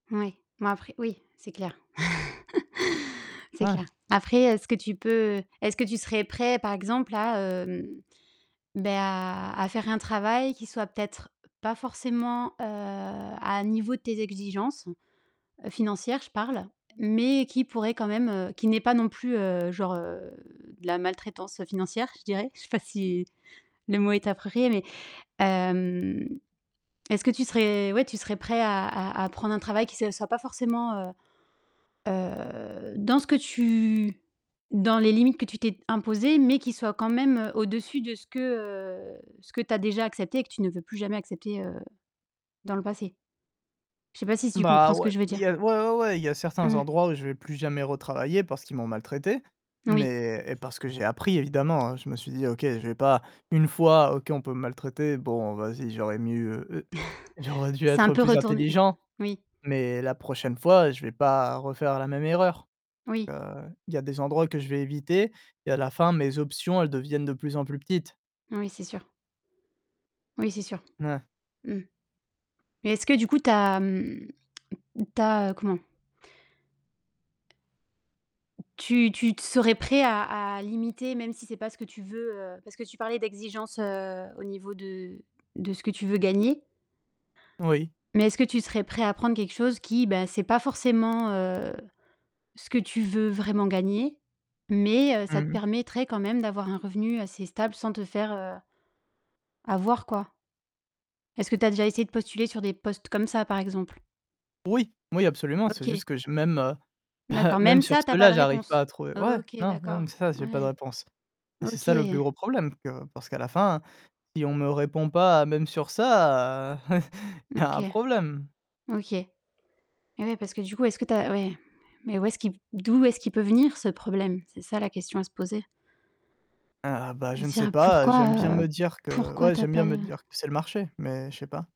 Oui mais après oui, c'est clair c'est Ouais. clair. Après, est-ce que tu peux, est-ce que tu serais prêt, par exemple, à hem, ben à à faire un travail qui soit peut-être pas forcément, heu, à un niveau de tes exigences- financières, je parle- mais qui pourrait quand même qui n'est pas non plus, heu, genre, heu, de la maltraitance financière, je dirais. Je sais pas si le mot est approprié, mais, hem, est-ce que tu serais, ouais, tu serais prêt à à prendre un travail qui soit pas forcément, heu, heu, dans ce que tu dans les limites que tu t'es imposées, mais qui soit quand même au-dessus de ce que ce que tu as déjà accepté et que tu veux plus jamais accepter, heu, dans le passé? Je sais pas si tu comprends Bah, ce que ouais, je veux il y dire. a ouais, ouais, ouais, il y a certains Mmh. endroits où je vais plus jamais retravailler parce qu'ils m'ont maltraité, Oui. mais et parce que j'ai appris évidemment, je me suis dit: «OK, je vais pas 1 fois OK on peut maltraiter, bon vas-y j'aurais mieux, heu heu, j'aurais dû C'est un être peu plus retourné intelligent, Oui. mais la prochaine fois je vais pas refaire la même erreur». Oui. Heu, il y a des endroits que je vais éviter et à la fin mes options, elles deviennent de plus en plus petites. Oui, c'est sûr. Oui, c'est sûr. Mouais. Mmh. Mais est-ce que du coup, tu as, mmh, tu as comment? Tu tu t serais prêt à à limiter, même si c'est pas ce que tu veux? Parce que tu parlais d'exigence, heu, au niveau de de ce que tu veux gagner Oui. mais est-ce que tu serais prêt à prendre quelque chose qui, ben, ce n'est pas forcément, heu, ce que tu veux vraiment gagner, mais, heu, ça te Mmh. permettrait quand même d'avoir un revenu assez stable sans te faire, heu, avoir, quoi? Est-ce que tu as déjà essayé de postuler sur des postes comme ça, par exemple? Oui! Oui absolument, c'est juste OK. que je même, bah, D'accord, même même sur ça, tu as pas ceux-là de j'arrive pas réponse. à trouver ouais OK, non, non d'accord. même ça j'ai pas de Ouais. réponse. Et c'est OK. ça le plus gros problème parce que parce qu'à la fin, si on me répond pas même sur ça, il y un OK. problème. OK. Eh oui, parce que du coup, est-ce que tu as ouais, mais où est-ce qui d'où est-ce qu'il peut venir ce problème? C'est ça la question à se poser. Ah bah De je ne se sais dire: pas, j'aime «Pourquoi, bien me heu, dire que, pourquoi ouais, tu as j'aime bien pas me de» dire que c'est le marché, mais je sais pas.